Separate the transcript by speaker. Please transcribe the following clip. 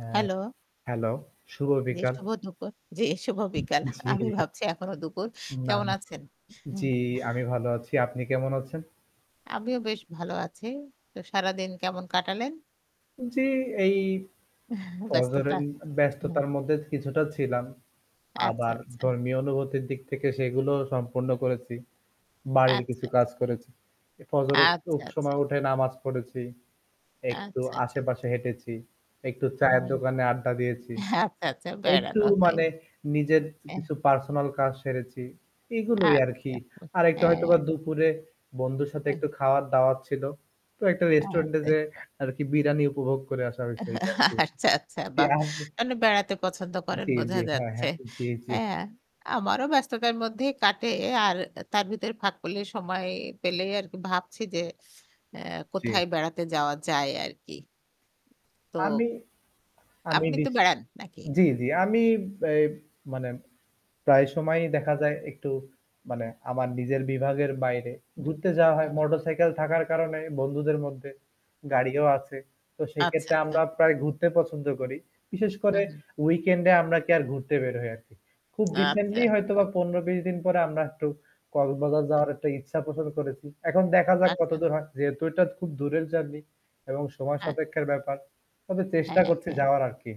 Speaker 1: হ্যাঁ।
Speaker 2: Hello.
Speaker 1: Hello, শুভ
Speaker 2: জ্বি
Speaker 1: বিকাল।
Speaker 2: শুভ দুপুর, জ্বি শুভ বিকাল।
Speaker 1: জ্বি।
Speaker 2: আমি ভাবছি এখনও দুপুর।
Speaker 1: না,
Speaker 2: কেমন
Speaker 1: ন
Speaker 2: আছেন?
Speaker 1: জ্বি, আমি ভালো আছি। আপনি কেমন আছেন?
Speaker 2: আমিও বেশ ভালো আছি। তো সারাদিন কেমন কাটালেন?
Speaker 1: জ্বি, এই
Speaker 2: এহ ব্যস্ততা
Speaker 1: ফজরের
Speaker 2: উ
Speaker 1: ব্যস্ততার মধ্যে কিছুটা ছিলাম।
Speaker 2: আচ্ছা,
Speaker 1: আবার
Speaker 2: আচ্ছা।
Speaker 1: ধর্মীয় অনুভূতির দিক থেকে সেগুলোও সম্পূর্ণ করেছি। বাড়ির কিছু
Speaker 2: আচ্ছা, আচ্ছা।
Speaker 1: কাজ করেছি। এ ফজরে
Speaker 2: আচ্ছা,
Speaker 1: খুব
Speaker 2: আচ্ছা।
Speaker 1: সময় উঠে নামাজ পড়েছি। একটু
Speaker 2: আচ্ছা, আচ্ছা।
Speaker 1: আশেপাশে হেঁটেছি। একটু চায়ের
Speaker 2: [unintelligible] অ্যাহ
Speaker 1: দোকানে আড্ডা দিয়েছি।
Speaker 2: আচ্ছা, আচ্ছা
Speaker 1: একটু
Speaker 2: বেড়ানো হয়।
Speaker 1: মানে নিজের
Speaker 2: এহ
Speaker 1: কিছু পার্সোনাল কাজ সেরেছি। এগুলোই আরকি।
Speaker 2: আচ্ছা উ
Speaker 1: আরেকটু হয়তোবা
Speaker 2: হ্যাঁ।
Speaker 1: দুপুরে বন্ধুর সাথে
Speaker 2: অ্যা
Speaker 1: একটু খাওয়ার দাওয়াত ছিলো। তো একটা
Speaker 2: হ্যাঁ,
Speaker 1: রেস্টুরেন্টে
Speaker 2: তাই।
Speaker 1: যেয়ে আরকি বিরানি উপভোগ করে আসা হইছে।
Speaker 2: এহ
Speaker 1: এইটা
Speaker 2: হা
Speaker 1: আরকি
Speaker 2: আচ্ছা, আচ্ছা
Speaker 1: কি
Speaker 2: বাহ!
Speaker 1: আপ
Speaker 2: আপনি বেড়াতে পছন্দ করেন
Speaker 1: জ্বী,
Speaker 2: বোঝা
Speaker 1: জ্বী। হ্যাঁ,
Speaker 2: যাচ্ছে।
Speaker 1: হ্যাঁ। জ্বী, জ্বী।
Speaker 2: হ্যাঁ আমারও ব্যস্ততার মধ্যেই কাটে আর তার ভিতরে ফাঁকপুলি সময় পেলেই আরকি ভাবছি যে, অ্যা
Speaker 1: জ্বী।
Speaker 2: কোথায় বেড়াতে যাওয়া যায় আরকি। তো
Speaker 1: আমি, আমি
Speaker 2: আপনি তো
Speaker 1: দেখ
Speaker 2: বেড়ান, নাকি?
Speaker 1: জ্বি, জ্বি। আমি এ মানে প্রায় সময়ই দেখা যায় একটু মানে আমার নিজের বিভাগের বাইরে
Speaker 2: হুম,
Speaker 1: ঘুরতে যাওয়া
Speaker 2: হু,
Speaker 1: হয়
Speaker 2: হু।
Speaker 1: মোটরসাইকেল থাকার কারণে বন্ধুদের মধ্যে। গাড়িও আছে। তো
Speaker 2: আচ্ছা,
Speaker 1: সেক্ষেত্রে
Speaker 2: আচ্ছা।
Speaker 1: আমরা প্রায় ঘুরতে পছন্দ করি। বিশেষ
Speaker 2: হু,
Speaker 1: করে
Speaker 2: হু।
Speaker 1: উইকেন্ডে আমরা কি আর ঘুরতে বের হয় আরকি। খুব
Speaker 2: আচ্ছা,
Speaker 1: রিসেন্টলি
Speaker 2: আচ্ছা।
Speaker 1: হয়তোবা ১৫-২০ দিন পরে আমরা একটু কক্সবাজার
Speaker 2: অ্যা
Speaker 1: যাওয়ার একটা ইচ্ছা পোষণ করেছি। এখন দেখা যাক কত
Speaker 2: আচ্ছা।
Speaker 1: দূর হয়, যেহেতু এটা খুব দূরের জার্নি এবং সময়
Speaker 2: হ্যাঁ।
Speaker 1: সাপেক্ষের ব্যাপার। তবে চেষ্টা
Speaker 2: হ্যাঁ,
Speaker 1: করছি
Speaker 2: হ্যাঁ।
Speaker 1: যাওয়ার আরকি।